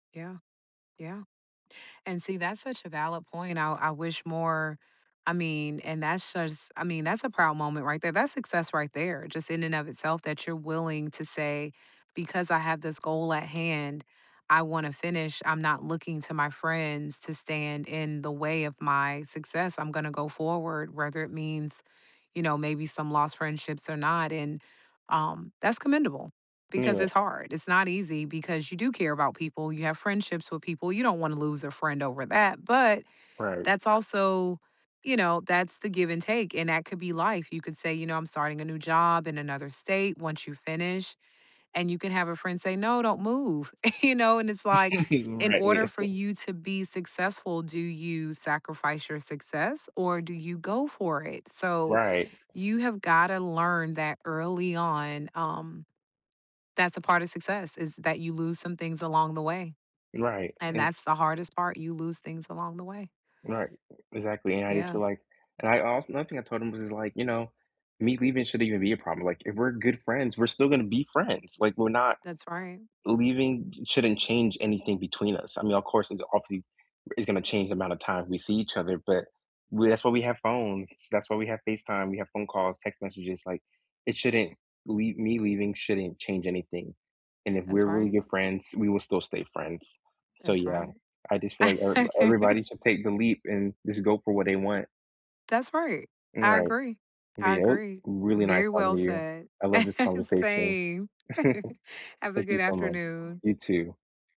Yeah. Yeah. And see, that's such a valid point, and I I wish more I mean, and that's just I mean, that's a proud moment right there; that's success right there, just in and of itself that you're willing to say, "Because I have this goal at hand, I wanna finish. I'm not looking to my friends to stand in the way of my success, I'm gonna go forward, whether it means, you know, maybe some lost friendships or not." And, um, that's commendable because Yeah. it's hard; it's not easy because you do care about people, you have friendships with people, you don't wanna lose a friend over that, but Right. that's also, you know, that's the give and take, and that could be life; you could say, you know, "I'm starting a new job in another state," once you finish, and you can have a friend say, "No, don't move." You know, it's like, in Right order here. for you to be successful, do you sacrifice your success, or do you go for it? So, Right. you have gotta learn that early on, um, that's a part of success, is that you lose some things along the way, Right, and and that's the hardest part, you lose things along the way. Right, e exactly, and I just Yeah. feel, like and I also nothing, I told him, was just, like, "You know, me leaving shouldn't even be a problem, like, if we're good friends, we're still gonna be friends, like, we're not That's right. leaving shouldn't change anything between us, I mean, of course, it's obviously is gonna change the amount of time we see each other, but, we that's why we have phones, that's why we have FaceTime, we have phone calls, text messages, like, it shouldn't leave me leaving shouldn't change anything. And if we're That's really right. good friends, we will still stay friends. So, That's yeah, right. I just feel, like, er everybody should take the leap and just go for what they want." That's right. N I right, agree. but, I yeah, it was agree. really nice Very talking well to you. said. I love this conversation. Same. Have a Thank you good so much. afternoon. You, too.